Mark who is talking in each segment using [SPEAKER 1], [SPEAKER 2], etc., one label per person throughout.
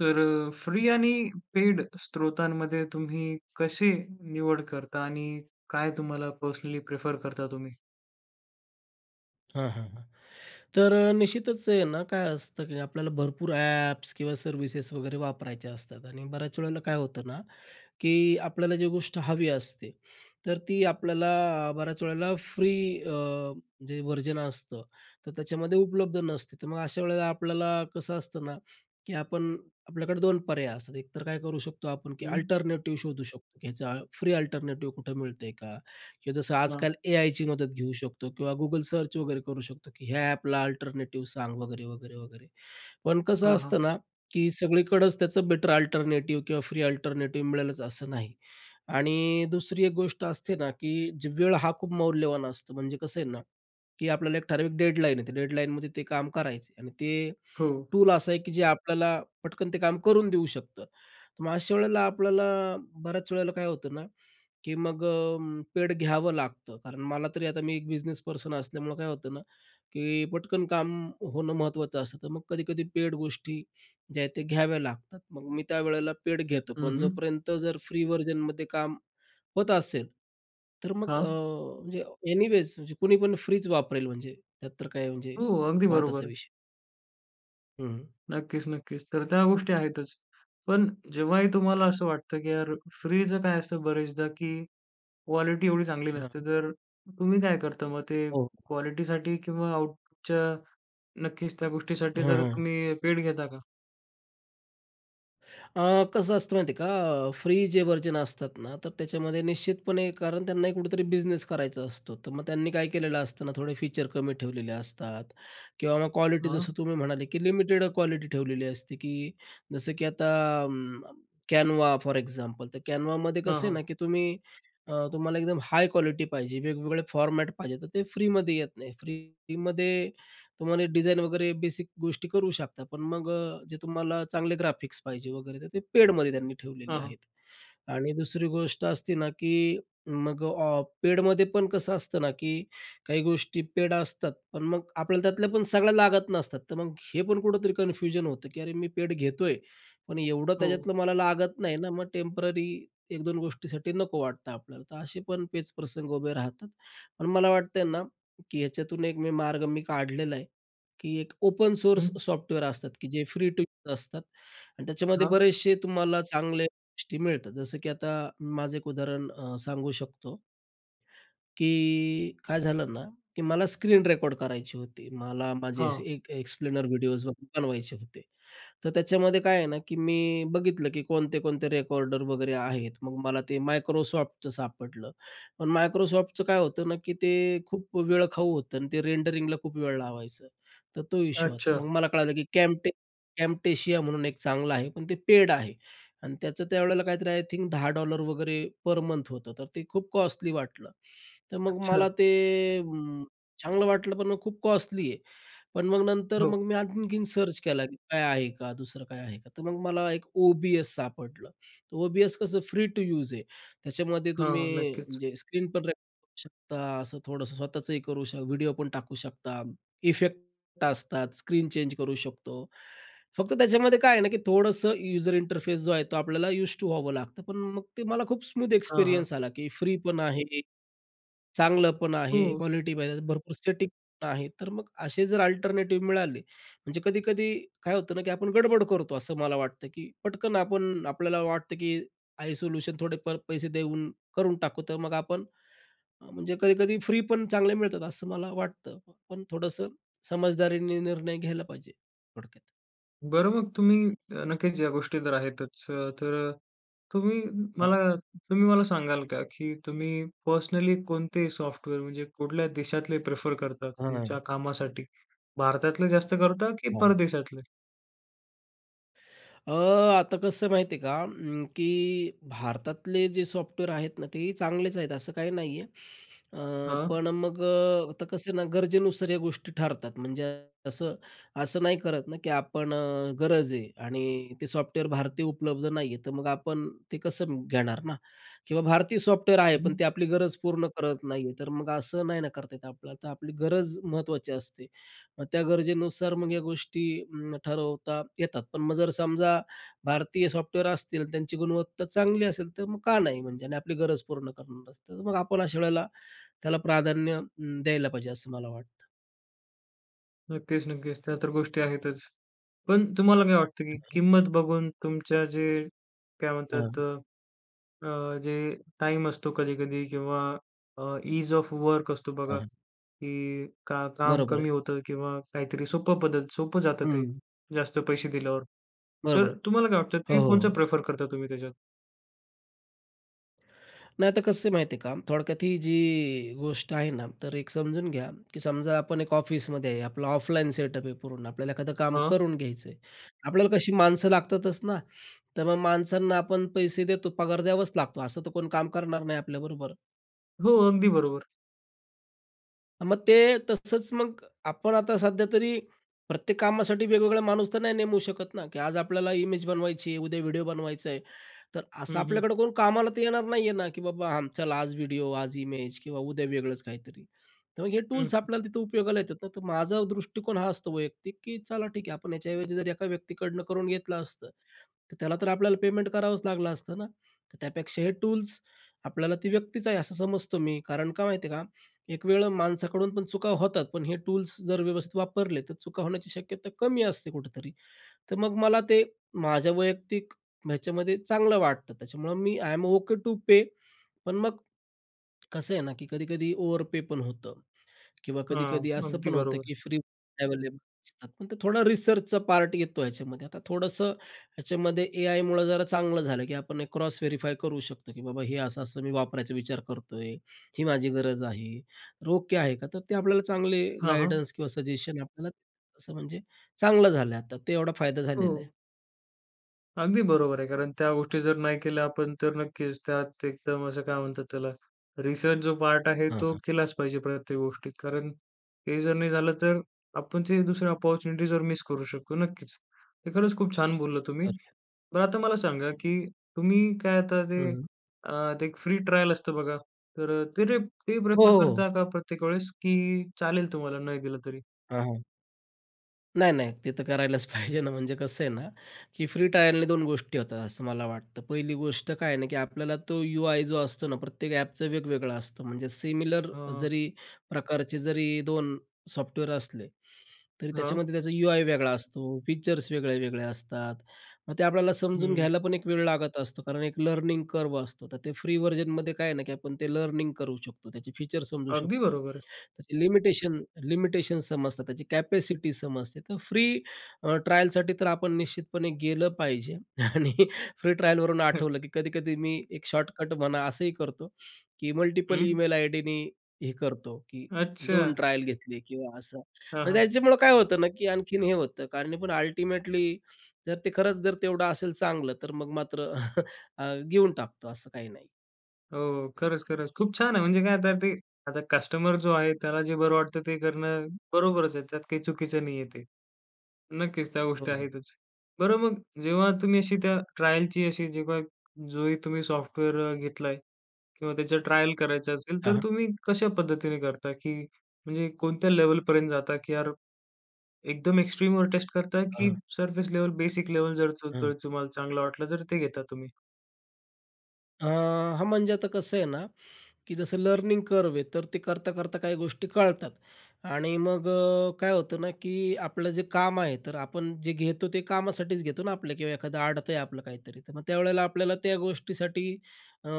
[SPEAKER 1] तर फ्री आणि पेड स्रोतांमध्ये तुम्ही कशी निवड करता आणि काय तुम्हाला पर्सनली प्रेफर करता तुम्ही?
[SPEAKER 2] हां, हां, हां. तर निश्चितच आहे ना काय असतं की आपल्याला भरपूर ॲप्स किंवा सर्व्हिसेस वगैरे वापरायच्या असतात आणि बऱ्याच वेळेला काय होतं ना की आपल्याला जी गोष्ट हवी असते, तर ती आपल्याला बऱ्याच वेळेला फ्री अ, जे व्हर्जन असतं तर त्याच्यामध्ये उपलब्ध नसते. तर मग अशा वेळेला आपल्याला कसं असतं ना, की आपण आपल्याकडे 2 पर्याय असतात. एक तर काय करू शकतो आपण, की
[SPEAKER 1] हं.
[SPEAKER 2] अल्टरनेटिव्ह शोधू शकतो, की ह्याचा फ्री अल्टरनेटिव्ह कुठं मिळतंय का? की जसं
[SPEAKER 1] हां.
[SPEAKER 2] आजकाल एआयची मदत घेऊ शकतो किंवा Google सर्च वगैरे करू शकतो, की ह्या ॲपला अल्टरनेटिव्ह सांग वगैरे-वगैरे-वगैरे. पण कसं
[SPEAKER 1] हां, हां.
[SPEAKER 2] असतं ना की सगळीकडंच त्याचं बेटर अल्टरनेटिव्ह किंवा फ्री अल्टरनेटिव्ह मिळेलच असं नाही आणि दुसरी एक गोष्ट असते ना की जे वेळ हा खूप मौल्यवान असतो, म्हणजे कसं आहे ना की आपल्याला एक ठराविक डेडलाईन आहे ते डेडलाईनमध्ये ते काम करायचे आणि ते
[SPEAKER 1] हो.
[SPEAKER 2] टूल असा आहे, की जे आपल्याला पटकन ते काम करून देऊ शकतं. तर मग अशा वेळेला आपल्याला बऱ्याच वेळेला काय होतं ना, की मग अ, पेड घ्यावं लागतं. कारण मला तरी आता मी एक बिझनेस पर्सन असल्यामुळं काय होतं ना, की पटकन काम होणं महत्त्वाचं असतं तर मग कधी-कधी पेड गोष्टी ज्या आहेत त्या घ्याव्या लागतात. मग मी त्यावेळेला पेड घेतो
[SPEAKER 1] हं,
[SPEAKER 2] पण
[SPEAKER 1] हं.
[SPEAKER 2] जोपर्यंत जर फ्री व्हर्जनमध्ये काम होत असेल, तर मग अ,
[SPEAKER 1] हां.
[SPEAKER 2] म्हणजे एनीवेज म्हणजे कोणी पण फ्रीच वापरेल, म्हणजे त्यात तर काय म्हणजे
[SPEAKER 1] हो, अगदी बरोबर
[SPEAKER 2] वादाचा
[SPEAKER 1] आहे.
[SPEAKER 2] विषय. हं, हं.
[SPEAKER 1] नक्कीच, नक्कीच. तर त्या गोष्टी आहेतच. पण जेव्हाही तुम्हाला असं वाटतं, की यार फ्रीचं काय असतं बरेचदा, की क्वालिटी एवढी चांगली
[SPEAKER 2] हां,
[SPEAKER 1] नसते.
[SPEAKER 2] हां.
[SPEAKER 1] तर तुम्ही काय करता मग ते
[SPEAKER 2] हो.
[SPEAKER 1] क्वालिटीसाठी? किंवा आऊपुटच्या नक्कीच त्या गोष्टीसाठी
[SPEAKER 2] हां,
[SPEAKER 1] जर
[SPEAKER 2] हां.
[SPEAKER 1] तुम्ही पेड घेता का?
[SPEAKER 2] अ, कसं असतं माहिती आहे का? अ, फ्री जे व्हर्जन असतात ना, तर त्याच्यामध्ये निश्चितपणे कारण त्यांनाही कुठेतरी बिझनेस करायचा असतो. तर मग त्यांनी काय केलेलं असतं ना, थोडे फीचर कमी ठेवलेले असतात किंवा मग क्वालिटी जसं
[SPEAKER 1] हां.
[SPEAKER 2] तुम्ही म्हणाले, की लिमिटेड क्वालिटी ठेवलेली असते, की जसं की आता अं, Canva फॉर एक्झाम्पल. तर Canvaमध्ये
[SPEAKER 1] हां,
[SPEAKER 2] कसं आहे ना?
[SPEAKER 1] हां.
[SPEAKER 2] की तुम्ही अ, तुम्हाला एकदम हाय क्वालिटी पाहिजे, वेगवेगळे फॉर्मॅट पाहिजे, तर ते फ्रीमध्ये येत नाही. फ्रीमध्ये तुम्हाला डिझाईन वगैरे बेसिक गोष्टी करू शकता. पण मग अ, जे तुम्हाला चांगले ग्राफिक्स पाहिजे वगैरे, तर ते पेडमध्ये त्यांनी ठेवलेले
[SPEAKER 1] हां, हां.
[SPEAKER 2] आहेत. आणि दुसरी गोष्ट असते ना, की मग ऑ पेडमध्ये पण कसं असतं ना, की काही गोष्टी पेड असतात, पण मग आपल्याला त्यातल्या पण सगळ्या लागत नसतात. तर मग हे पण कुठेतरी कनफ्यूजन होतं, की अरे, मी पेड घेतोय, पण एवढं
[SPEAKER 1] हो.
[SPEAKER 2] त्याच्यातलं मला लागत नाही ना. मग टेम्पररी एक दोन गोष्टीसाठी नको वाटतं आपल्याला. असे पण पेच प्रसंग उभे राहतात. पण मला वाटतंय ना, की याच्यातून एक मी मार्ग मी काढलेला आहे, की एक ओपन सोर्स
[SPEAKER 1] हं.
[SPEAKER 2] सॉफ्टवेअर असतात, की जे फ्री टू यूज असतात आणि त्याच्यामध्ये
[SPEAKER 1] हां.
[SPEAKER 2] बरेचसे तुम्हाला चांगल्या गोष्टी मिळतात. जसं की आता मी माझं एक उदाहरण अ, सांगू शकतो. की काय झालं ना, की मला स्क्रीन रेकॉर्ड करायची होती. मला माझे असे
[SPEAKER 1] हां.
[SPEAKER 2] एक अ, एक्सप्लेनर व्हिडिओज वगैरे बनवायचे होते. तर त्याच्यामध्ये काय आहे ना, की मी बघितलं, की कोणते-कोणते रेकॉर्डर वगैरे आहेत. मग मला ते Microsoftचं सापडलं. पण Microsoftचं काय होतं ना, की ते खूप वेळ खाऊ होतं आणि ते रेंडरिंगला खूप वेळ लावायचं. तर तो इशू होता.
[SPEAKER 1] अच्छा.
[SPEAKER 2] मग मला कळालं, की कॅमटे Camtasia म्हणून एक चांगलं आहे, पण ते पेड आहे आणि त्याचं त्यावेळेला काहीतरी आय थिंक $10 वगैरे पर मंथ होतं. तर ते खूप कॉस्टली वाटलं. तर मग मला
[SPEAKER 1] अच्छा.
[SPEAKER 2] ते अं, चांगलं वाटलं, पण मग खूप कॉस्टली आहे. पण मग नंतर
[SPEAKER 1] हो.
[SPEAKER 2] मग मी आणखीनं सर्च केला, की काय आहे का? दुसरं काय आहे का? तर मग मला एक O-B-S सापडलं, तर O-B-S कसं फ्री टू यूज आहे. त्याच्यामध्ये तुम्ही
[SPEAKER 1] हां. नक्कीच.
[SPEAKER 2] म्हणजे स्क्रीन पण रेकॉर्ड करू शकता असं थोडंसं स्वतःचंही करू शक व्हिडिओ पण टाकू शकता. इफेक्ट असतात. स्क्रीन चेंज करू शकतो. फक्त त्याच्यामध्ये काय आहे ना, की थोडंसं यूजर इंटरफेस जो आहे तो आपल्याला यूज टू व्हावं लागतं. पण मग ते मला खूप स्मूथ
[SPEAKER 1] हां, हां.
[SPEAKER 2] एक्सपिरियन्स आला, की फ्री पण आहे, चांगलं पण आहे.
[SPEAKER 1] हो.
[SPEAKER 2] क्वालिटी पाहिजे भरपूर सेटिक पण आहे. तर मग असे जर अल्टरनेटिव्ह मिळाले, म्हणजे कधी-कधी काय होतं ना, की आपण गडबड करतो असं मला वाटतं, की पटकन आपण आपल्याला वाटतं, की आहे सोल्यूशन थोडेफार पैसे देऊन करून टाकू तर मग आपण अ, म्हणजे कधी-कधी फ्री पण चांगले मिळतात असं मला वाटतं. पण थोडंसं समझदारीने निर्णय घ्यायला पाहिजे थोडक्यात.
[SPEAKER 1] बरं, मग तुम्ही अ, नक्कीच या गोष्टी तर आहेतच. अ, तर तुम्ही
[SPEAKER 2] हां.
[SPEAKER 1] मला तुम्ही मला सांगाल का, की तुम्ही पर्सनली कोणते सॉफ्टवेअर म्हणजे कुठल्या देशातले प्रिफर करता
[SPEAKER 2] हां, हां.
[SPEAKER 1] तुमच्या कामासाठी, भारतातले जास्त करता, की
[SPEAKER 2] हं, हं.
[SPEAKER 1] परदेशातले?
[SPEAKER 2] अ, आता कसं माहिती आहे का अं, की भारतातले जे सॉफ्टवेअर आहेत ना, तेही चांगलेच आहेत असं काही नाही आहे. अ,
[SPEAKER 1] हां.
[SPEAKER 2] पण अ, मग अ, आता कसं आहे ना गरजेनुसार या गोष्टी ठरतात, म्हणजे कसं, असं नाही करत ना की आपण अ, गरज आहे आणि ते सॉफ्टवेअर भारतीय उपलब्ध नाही आहे, तर मग आपण ते कसं म घेणार ना किंवा भारतीय सॉफ्टवेअर आहे, पण
[SPEAKER 1] हं.
[SPEAKER 2] ते आपली गरज पूर्ण करत नाही आहे, तर मग असं नाही ना करता येत आपल्याला. तर आपली गरज महत्त्वाची असते. मग त्या गरजेनुसार मग या गोष्टी अं, ठरवता येतात पण मग जर समजा भारतीय सॉफ्टवेअर असतील, त्यांची गुणवत्ता चांगली असेल, तर मग का नाही म्हणजे? आणि आपली गरज पूर्ण करणार असते. तर मग आपण अशा वेळेला त्याला प्राधान्य अं, द्यायला पाहिजे असं मला वाटतं.
[SPEAKER 1] नक्कीच, नक्कीच. त्या तर गोष्टी आहेतच. पण तुम्हाला काय वाटतं की
[SPEAKER 2] हं, हं.
[SPEAKER 1] किंमत बघून तुमच्या जे काय
[SPEAKER 2] हां.
[SPEAKER 1] म्हणतात, अ, अ, जे टाइम असतो कधी-कधी किंवा अ, इझ ऑफ वर्क असतो
[SPEAKER 2] हां,
[SPEAKER 1] बघा.
[SPEAKER 2] हां.
[SPEAKER 1] की का काम
[SPEAKER 2] बरोबर आहे.
[SPEAKER 1] कमी होतं आहे किंवा काहीतरी सोपं पद्धत सोपं जातं ते
[SPEAKER 2] हं.
[SPEAKER 1] जास्त पैसे दिल्यावर. तर
[SPEAKER 2] बरोबर आहे.
[SPEAKER 1] तुम्हाला काय वाटतं?
[SPEAKER 2] हो,
[SPEAKER 1] ते
[SPEAKER 2] हो,
[SPEAKER 1] कोणचं
[SPEAKER 2] हो.
[SPEAKER 1] प्रेफर करता तुम्ही त्याच्यात?
[SPEAKER 2] नाही तर कसं आहे माहिती आहे का? थोडक्यात ही जी गोष्ट आहे ना, तर एक समजून घ्या की समजा आपण एक ऑफिसमध्ये आहे. आपलं ऑफलाईन सेटअप आहे पूर्ण. आपल्याला एखादं काम
[SPEAKER 1] अ.
[SPEAKER 2] करून घ्यायचं आहे. आपल्याला कशी माणसं लागतातच ना. तर मग माणसांना आपण पैसे देतो पगार द्यावाच लागतो. असं तर कोण काम करणार नाही आपल्याबरोबर.
[SPEAKER 1] हो. अगदी बरोबर.
[SPEAKER 2] मग ते तसंच, मग आपण आता सध्या तरी प्रत्येक कामासाठी वेगवेगळा माणूस तर नाही नेमू शकत ना? की आज आपल्याला इमेज बनवायची आहे, उद्या व्हिडिओ बनवायचा आहे. तर असं
[SPEAKER 1] हं, हं.
[SPEAKER 2] आपल्याकडं कोण कामाला तर येणार नाही आहे ना. की बाबा चला आज व्हिडिओ, आज इमेज किंवा उद्या वेगळंच काहीतरी. तर मग हे
[SPEAKER 1] हं.
[SPEAKER 2] टूल्स आपल्याला तिथं उपयोगाला येतात ना. तर माझा दृष्टिकोन हा असतो वैयक्तिक की चला ठीक आहे आपण याच्याऐवजी जर एका व्यक्तीकडनं करून घेतलं असतं, तर त्याला तर आपल्याला पेमेंट करावंच लागलं असतं ना. तर त्यापेक्षा हे टूल्स आपल्याला ती व्यक्तीच आहे असं समजतो मी. कारण काय माहिती आहे का? एक वेळं माणसाकडून पण चुका होतात. पण हे टूल्स जर व्यवस्थित वापरले तर चुका होण्याची शक्यता कमी असते कुठेतरी. तर मग मला ते माझ्या वैयक्तिक ह्याच्यामध्ये चांगलं वाटतं. त्याच्यामुळं मी, आयएम ओके टू पे. पण मग कसं आहे ना, की कधी-कधी ओव्हर पे पण होतं किंवा
[SPEAKER 1] हां.
[SPEAKER 2] कधी-कधी असं
[SPEAKER 1] अगदी
[SPEAKER 2] पण होतं
[SPEAKER 1] बरोबर.
[SPEAKER 2] की फ्री अवेलेबल असतात. पण ते थोडा रिसर्चचा पार्ट येतो ह्याच्यामध्ये, आता थोडंसं ह्याच्यामध्ये एआयमुळं जरा चांगलं झालं, की आपण एक क्रॉस व्हेरिफाय करू शकतो की बाबा हे असं, असं मी वापरायचा विचार करतोय, ही माझी गरज आहे. तर ओके आहे का? तर ते आपल्याला चांगले
[SPEAKER 1] हां, हां.
[SPEAKER 2] गाईडन्स किंवा सजेशन आपल्याला असं म्हणजे चांगलं झालं आहे. आता ते एवढा फायदा झालेला आहे.
[SPEAKER 1] हो. अगदी बरोबर आहे, कारण त्या गोष्टी जर नाही केल्या आपण, तर नक्कीच त्यात एकदम असं काय म्हणतात त्याला रिसर्च जो पार्ट आहे
[SPEAKER 2] हां,
[SPEAKER 1] तो
[SPEAKER 2] हां.
[SPEAKER 1] केलाच पाहिजे प्रत्येक गोष्टीत. कारण हे जर नाही झालं तर आपण जे दुसरे ऑपॉर्च्युनिटी जर मिस करू शकतो नक्कीच. ते खरंच खूप छान बोलला तुम्ही.
[SPEAKER 2] करुया.
[SPEAKER 1] बरं आता मला सांगा की तुम्ही काय आता ते
[SPEAKER 2] हं.
[SPEAKER 1] अ, ते एक फ्री ट्रायल असतं बघा, तर अ, ते ते
[SPEAKER 2] हो,
[SPEAKER 1] प्रेफर
[SPEAKER 2] हो.
[SPEAKER 1] करता का प्रत्येक वेळेस की चालेल तुम्हाला नाही केलं तरी?
[SPEAKER 2] हां, हां. नाही-नाही, ते तर करायलाच पाहिजे ना. म्हणजे कसं आहे ना की फ्री ट्रायलने 2 गोष्टी होतात, असं मला वाटतं. पहिली गोष्ट काय आहे ना की आपल्याला तो यू-आय जो असतो ना, प्रत्येक ॲपचं वेगवेगळं असतं. म्हणजे सिमिलर
[SPEAKER 1] हां.
[SPEAKER 2] जरी प्रकारचे जरी 2 सॉफ्टवेअर असले, तरी
[SPEAKER 1] हां.
[SPEAKER 2] त्याच्यामध्ये त्याचा यू-आय वेगळा असतो, फीचर्स वेगळे, वेगळे असतात. मग ते आपल्याला समजून
[SPEAKER 1] हं.
[SPEAKER 2] घ्यायला पण एक वेळ लागत असतो. कारण एक लर्निंग कर्व असतो. तर ते फ्री व्हर्जनमध्ये काय आहे ना, की आपण ते लर्निंग करू शकतो, त्याचे फीचर समजू
[SPEAKER 1] अगदी
[SPEAKER 2] शकतो,
[SPEAKER 1] बरोबर आहे.
[SPEAKER 2] त्याची लिमिटेशन लिमिटेशन समजतात, त्याची कॅपॅसिटी समजते. तर फ्री अ, ट्रायलसाठी तर आपण निश्चितपणे गेलं पाहिजे आणि फ्री ट्रायलवरून आठवलं की कधी-कधी मी एक शॉर्टकट म्हणा असंही करतो, की मल्टिपल
[SPEAKER 1] हं.
[SPEAKER 2] ईमेल आयडीनी हे करतो, की 2
[SPEAKER 1] अच्छा.
[SPEAKER 2] ट्रायल घेतली किंवा असं
[SPEAKER 1] हां,
[SPEAKER 2] आणि
[SPEAKER 1] हां.
[SPEAKER 2] त्यांच्यामुळं काय होतं ना, की आणखीन हे होतं, कारण पण अल्टिमेटली जर ते खरंच जर तेवढं असेल चांगलं तर मग मात्र अ, घेऊन टाकतो असं काही नाही.
[SPEAKER 1] हो. खरंच, खरंच, खूप छान आहे. म्हणजे काय आता ते आता कस्टमर जो आहे, त्याला जे बरं वाटतं ते करणं बरोबरच आहे, त्यात काही चुकीचं नाही आहे ते. नक्कीच त्या
[SPEAKER 2] हो,
[SPEAKER 1] गोष्टी
[SPEAKER 2] हो.
[SPEAKER 1] आहेतच. बरं मग जेव्हा तुम्ही अशी त्या ट्रायलची अशी जेव्हा जोही तुम्ही सॉफ्टवेअर घेतलाय किंवा त्याच्या ट्रायल करायचं असेल,
[SPEAKER 2] हां,
[SPEAKER 1] तर
[SPEAKER 2] हां.
[SPEAKER 1] तुम्ही कशा पद्धतीने करता की म्हणजे कोणत्या लेव्हलपर्यंत जाता? की यार एकदम एक्स्ट्रीमवर टेस्ट करता की
[SPEAKER 2] हां.
[SPEAKER 1] सरफेस लेव्हल, बेसिक लेव्हल जर
[SPEAKER 2] हां.
[SPEAKER 1] [unintelligible] तुम्हाला चांगलं वाटलं, तर ते घेता तुम्ही?
[SPEAKER 2] अ, हां. म्हणजे आता कसं आहे ना, की जसं लर्निंग कर्व आहे, तर ते करता करता काही गोष्टी कळतात. आणि मग अ, काय होतं ना, की आपलं जे काम आहे, तर आपण जे घेतो ते कामासाठीच घेतो ना, आपलं किंवा एखादं आडत आहे आपलं काहीतरी, तर मग त्यावेळेला आपल्याला त्या गोष्टीसाठी अ,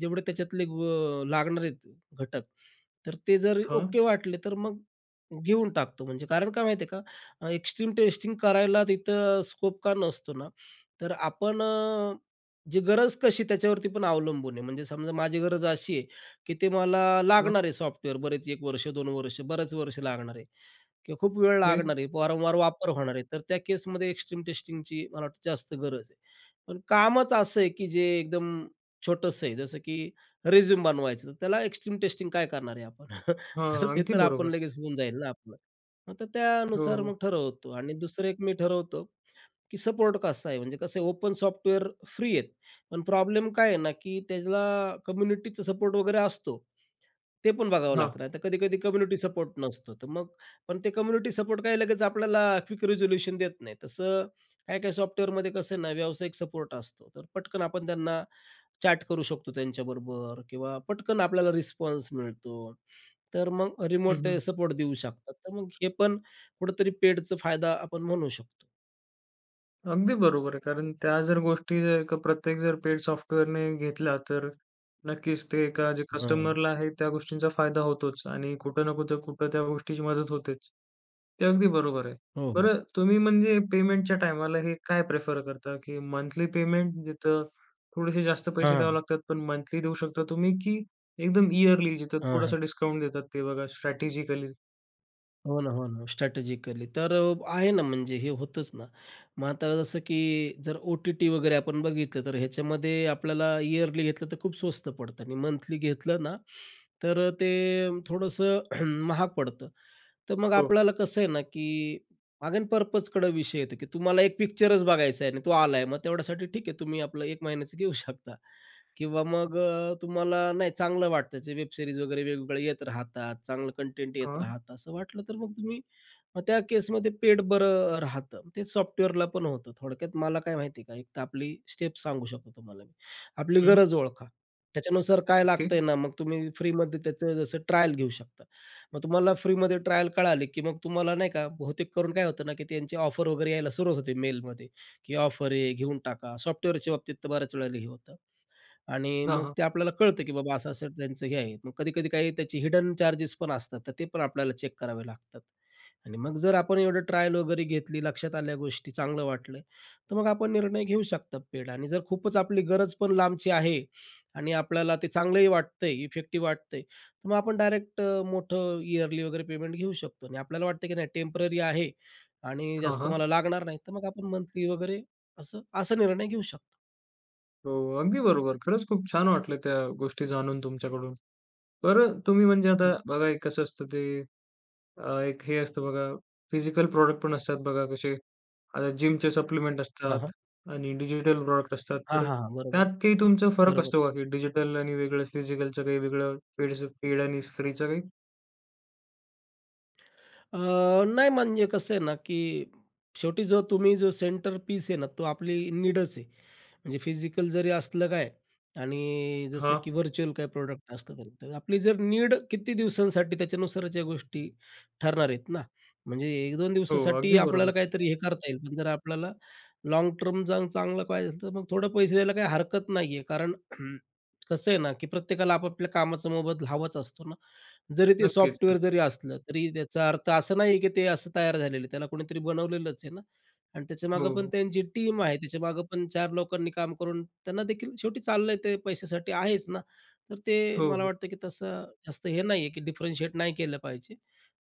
[SPEAKER 2] जेवढे त्याच्यातले ग अ, लागणार आहेत, घटक, तर ते जर
[SPEAKER 1] हां.
[SPEAKER 2] ओके वाटले, तर मग घेऊन टाकतो. म्हणजे कारण काय माहिती आहे का, एक्स्ट्रीम टेस्टिंग करायला तिथं स्कोप का नसतो ना, तर आपण अ, जी गरज कशी त्याच्यावरती पण अवलंबून आहे. म्हणजे समजा माझी गरज अशी आहे, की ते मला
[SPEAKER 1] हां.
[SPEAKER 2] लागणार आहे, सॉफ्टवेअर, बरेच 1 वर्ष, 2 वर्ष, बरेच वर्ष लागणार आहे. किंवा खूप वेळ
[SPEAKER 1] फिर?
[SPEAKER 2] लागणार आहे, वारंवार वापर होणार आहे, तर त्या केसमध्ये एक्स्ट्रीम टेस्टिंगची मला वाटतं जास्त गरज आहे. पण कामच असं आहे, की जे एकदम छोटंसं आहे, जसं की रिझ्यूम बनवायचं, तर त्याला एक्स्ट्रीम टेस्टिंग काय करणार आहे आपण? तर
[SPEAKER 1] हां.
[SPEAKER 2] ते
[SPEAKER 1] अगदी
[SPEAKER 2] तर आपण
[SPEAKER 1] बरोबर.
[SPEAKER 2] लगेच होऊन जाईल ना आपलं. मग तर
[SPEAKER 1] हो,
[SPEAKER 2] त्यानुसार
[SPEAKER 1] हो.
[SPEAKER 2] मग ठरवतो. आणि दुसरं, एक मी ठरवतो, की सपोर्ट कसा आहे. म्हणजे कसं आहे, ओपन सॉफ्टवेअर फ्री आहेत, पण प्रॉब्लेम काय आहे ना, की त्याला कम्युनिटीचा सपोर्ट वगैरे असतो, ते पण बघावं
[SPEAKER 1] हां.
[SPEAKER 2] लागतं. नाहीतर कधी-कधी कम्युनिटी सपोर्ट नसतो, तर मग पण ते कम्युनिटी सपोर्ट काय लगेच आपल्याला क्विक रिझोल्यूशन देत नाहीत. तसं काही-काही सॉफ्टवेअरमध्ये कसं आहे ना, व्यावसायिक सपोर्ट असतो, तर पटकन आपण त्यांना चॅट करू शकतो त्यांच्याबरोबर किंवा पटकन आपल्याला रिस्पॉन्स मिळतो, तर मग
[SPEAKER 1] हं,
[SPEAKER 2] रिमोट ते
[SPEAKER 1] हं.
[SPEAKER 2] सपोर्ट देऊ शकतात. तर मग हे पण कुठेतरी पेडचं फायदा आपण म्हणू शकतो.
[SPEAKER 1] अगदी बरोबर आहे. कारण त्या जर गोष्टी जर का प्रत्येक जर पेड सॉफ्टवेअरने घेतल्या, तर नक्कीच ते एका जे
[SPEAKER 2] हां.
[SPEAKER 1] कस्टमरला आहे त्या गोष्टींचा फायदा होतोच आणि कुठं ना कुठं कुठं त्या गोष्टीची मदत होतेच, ते अगदी बरोबर आहे.
[SPEAKER 2] हो, हो.
[SPEAKER 1] बरं तुम्ही म्हणजे पेमेंटच्या टायमाला हे काय प्रेफर करता? की मंथली पेमेंट, जिथं थोडेसे जास्त पैसे द्यावे
[SPEAKER 2] हां.
[SPEAKER 1] लागतात, पण मंथली देऊ शकता तुम्ही, की एकदम ईयरली जिथं
[SPEAKER 2] हां, हां.
[SPEAKER 1] थोडासा डिस्काउंट देतात ते बघा स्ट्रॅटेजिकली?
[SPEAKER 2] हो ना, हो ना, स्ट्रॅटेजिकली. तर अ, आहे ना म्हणजे हे होतंच ना. मग आता जसं, की जर ओ-टी-टी वगैरे आपण बघितलं तर ह्याच्यामध्ये आपल्याला इयरली घेतलं तर खूप स्वस्त पडतं. आणि मंथली घेतलं ना तर अ, ते थोडंसं महाग पडतं. तर मग
[SPEAKER 1] हो.
[SPEAKER 2] आपल्याला कसं आहे ना, की अगेन पर्पजकडं विषय येतो, की तुम्हाला एक पिक्चरच बघायचा आहे आणि तो आला आहे, मग तेवढ्यासाठी ठीक आहे, तुम्ही आपलं 1 महिन्याचं घेऊ शकता. किंवा मग अ, तुम्हाला नाही चांगलं वाटतं जे वेब सीरीज वगैरे वेगवेगळ्या येत राहतात, चांगलं कंटेंट येत
[SPEAKER 1] हां.
[SPEAKER 2] राहतं असं वाटलं, तर मग तुम्ही मग त्या केसमध्ये पेड बरं अ, राहतं. तेच सॉफ्टवेअरला पण होतं. थोडक्यात मला काय माहिती आहे का, एक तर आपली स्टेप सांगू शकतो तुम्हाला मी. आपली
[SPEAKER 1] हं.
[SPEAKER 2] गरज ओळखा. त्याच्यानुसार काय
[SPEAKER 1] ओके.
[SPEAKER 2] लागतंय ना, मग तुम्ही फ्रीमध्ये त्याचं जसं ट्रायल घेऊ शकता. मग तुम्हाला फ्रीमध्ये ट्रायल कळाली, की मग तुम्हाला नाही का, बहुतेक करून काय होतं ना, की त्यांची ऑफर वगैरे यायला सुरुवात होते मेलमध्ये, की ऑफर आहे घेऊन टाका. सॉफ्टवेअरच्या बाबतीत तर बऱ्याच वेळेला हे होतं आणि
[SPEAKER 1] हां,
[SPEAKER 2] मग
[SPEAKER 1] हां.
[SPEAKER 2] ते आपल्याला कळतं, की बाबा असं असं त्यांचं हे आहे. मग कधी-कधी काही त्याचे हिडन चार्जेस पण असतात, तर ते पण आपल्याला चेक करावे लागतात. आणि मग जर आपण एवढं ट्रायल वगैरे घेतली, लक्षात आल्या गोष्टी, चांगलं वाटलं. तर मग आपण निर्णय घेऊ शकतात पेड आणि जर खूपच आपली गरज पण लांबची आहे आणि आपल्याला ते चांगलंही वाटतं आहे, इफेक्टिव्ह वाटतं आहे, तर मग आपण डायरेक्ट अ, मोठं ईयरली वगैरे पेमेंट घेऊ शकतो. आणि आपल्याला वाटतं, की नाही टेम्पररी आहे आणि
[SPEAKER 1] हां,
[SPEAKER 2] जास्त
[SPEAKER 1] हां.
[SPEAKER 2] मला लागणार नाही, तर मग आपण मंथली वगैरे असं असा निर्णय घेऊ शकतो.
[SPEAKER 1] हो. अगदी बरोबर. खरंच खूप छान वाटलं त्या गोष्टी जाणून तुमच्याकडून. बरं अ, तुम्ही म्हणजे
[SPEAKER 2] हं.
[SPEAKER 1] आता बघा एक कसं असतं ते अ, एक हे असतं बघा, फिजिकल प्रॉडक्ट पण असतात बघा कसे आता जिमचे सप्लिमेंट
[SPEAKER 2] हां,
[SPEAKER 1] असतात
[SPEAKER 2] हां.
[SPEAKER 1] आणि डिजिटल प्रॉडक्ट असतात,
[SPEAKER 2] हां,
[SPEAKER 1] तर
[SPEAKER 2] हां, हां. बरोबर,
[SPEAKER 1] त्यात काही तुमचा फरक
[SPEAKER 2] बरोबर
[SPEAKER 1] असतो
[SPEAKER 2] आहे.
[SPEAKER 1] का, की डिजिटल आणि वेगळं फिजिकलचं काही वेगळं पेड सब पेड आणि फ्रीचं काही?
[SPEAKER 2] अं, नाही. म्हणजे कसं आहे ना, की शेवटी जो तुम्ही जो सेंटर पीस आहे ना, तो आपली नीडच आहे. म्हणजे फिजिकल जरी असलं काय, आणि अ, जसं
[SPEAKER 1] हां.
[SPEAKER 2] की व्हर्च्युअल काही प्रॉडक्ट असतं तरी. तर आपली जर नीड किती दिवसांसाठी त्याच्यानुसारच्या गोष्टी ठरणार आहेत ना. म्हणजे, 1-2
[SPEAKER 1] हो,
[SPEAKER 2] दिवसासाठी
[SPEAKER 1] अगदी बरोबर.
[SPEAKER 2] आपल्याला काहीतरी हे करता येईल, पण जर आपल्याला लाँग टर्म चांग चांगलं पाहिजे असेल तर मग थोडं पैसे द्यायला काही हरकत नाही आहे. कारण कसं आहे ना, की प्रत्येकाला आपापल्या कामाचं मोबदला हवाचं असतो ना. जरी ते
[SPEAKER 1] नक्कीच,
[SPEAKER 2] सॉफ्टवेअर जरी
[SPEAKER 1] नक्कीच.
[SPEAKER 2] असलं, तरी त्याचा अर्थ असा नाही आहे की ते असं तयार झालेलं आहे, त्याला कोणीतरी बनवलेलंच आहे ना. आणि
[SPEAKER 1] हो,
[SPEAKER 2] त्याच्यामागं पण
[SPEAKER 1] हो.
[SPEAKER 2] त्यांची टीम आहे. त्याच्यामागं पण 4 लोकांनी काम करून त्यांनादेखील शेवटी चाललंय ते पैशासाठी आहेच ना, तर ते
[SPEAKER 1] हो,
[SPEAKER 2] मला
[SPEAKER 1] हो.
[SPEAKER 2] वाटतं की तसं जास्त हे नाही आहे की डिफरेंशिएट नाही केलं पाहिजे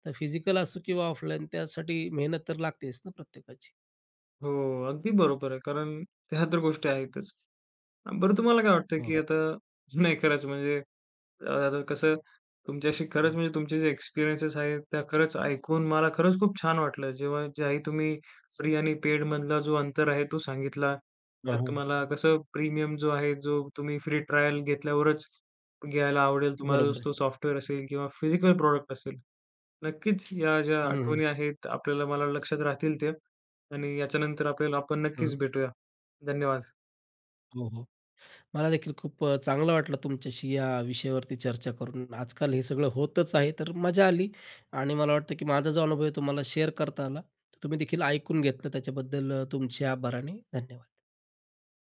[SPEAKER 2] तर फिजिकल असो किंवा ऑफलाईन त्यासाठी मेहनत तर लागतेच ना प्रत्येकाची.
[SPEAKER 1] हो, अगदी बरोबर आहे. कारण ह्या तर गोष्टी आहेतच. अ, बरं, तुम्हाला काय वाटतं
[SPEAKER 2] हो,
[SPEAKER 1] की
[SPEAKER 2] हो.
[SPEAKER 1] आता नाही करायचं? म्हणजे अ, आता कसं तुमच्याशी खरंच
[SPEAKER 2] हं.
[SPEAKER 1] म्हणजे, तुमचे जे एक्सपिरियन्सेस आहेत, त्या खरंच ऐकून मला खरंच खूप छान वाटलं. जेव्हा ज्याही तुम्ही फ्री आणि पेडमधला जो अंतर आहे तो सांगितला.
[SPEAKER 2] हां,
[SPEAKER 1] त्यात
[SPEAKER 2] हां.
[SPEAKER 1] तुम्हाला कसं प्रीमियम जो आहे जो तुम्ही फ्री ट्रायल घेतल्यावरच, घ्यायला आवडेल तुम्हाला
[SPEAKER 2] बरोबर आहे.
[SPEAKER 1] तो सॉफ्टवेअर असेल किंवा फिजिकल प्रॉडक्ट असेल. नक्कीच या ज्या
[SPEAKER 2] हं, हं.
[SPEAKER 1] आठवणी आहेत आपल्याला मला लक्षात राहतील त्या आणि याच्यानंतर आपल्याला आपण नक्कीच
[SPEAKER 2] हं.
[SPEAKER 1] भेटूया. धन्यवाद.
[SPEAKER 2] हो, हो. मलादेखील खूप अ, चांगलं वाटलं तुमच्याशी या विषयावरती चर्चा करून आजकाल हे सगळं होतच आहे, तर मजा आली आणि मला वाटतं की माझा जो अनुभव आहे तुम्हाला शेअर करता आला. तर तुम्ही देखील ऐकून घेतलं त्याच्याबद्दल तुमचे आभार आणि धन्यवाद.